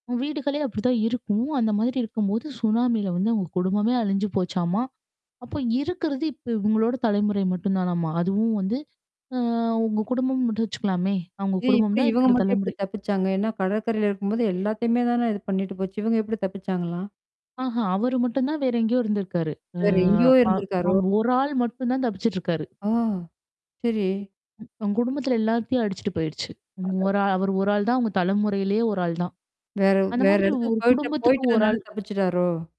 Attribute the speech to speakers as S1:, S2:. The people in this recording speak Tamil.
S1: வீடுகளே அப்படிதான் இருக்கும். அந்த மாதிரி இருக்கும்போது, சுனாமில வந்து இவுங்க குடும்பமே அழிஞ்சு போச்சாமா. அப்ப இருக்கறது இப்ப இவுங்களோட தலைமுறை மட்டும் தானம்மா! அதுவும் வந்து. அ அவுங்க குடும்பம் மட்டும் வச்சுக்கலாமே! அவுங்க
S2: இது
S1: குடும்பம்
S2: எப்புடி?
S1: தான்
S2: இவங்க
S1: இருக்கிற
S2: மட்டும் எப்படி
S1: தலைமுறை.
S2: தப்பிச்சாங்க? ஏன்னா கடற்கரையில இருக்கும்போது, எல்லாத்தையுமே தானே இது பண்ணிட்டு போச்சு! இவங்க எப்படி தப்பிச்சாங்களா?
S1: ஆஹா. அவரு மட்டும் தான் வேற எங்கேயோ இருந்திருக்காரு. அ
S2: வேற எங்கேயோ
S1: அ
S2: இருந்திருக்காறோ?
S1: அவுங்க 1 ஆள் மட்டும் தான் தப்பிச்சுட்டுருக்காரு.
S2: ஓ, சரி.
S1: அவுங்க குடும்பத்தில எல்லாத்தையும் அடிச்சுட்டு போயிடுச்சு. ங் 1
S2: அடடா!
S1: ஆள் அவரு 1 ஆள் தான் அவுங்க தலைமுறையிலயே 1 ஆள் தான்.
S2: வேற
S1: அந்த
S2: வேற
S1: மாதிரி
S2: இடத்துக்கு
S1: 1
S2: போயி்ட்ட
S1: குடும்பத்துக்கு 1
S2: போயி்டதுனால
S1: ஆள்.
S2: தப்பிச்சுட்டாரோ!?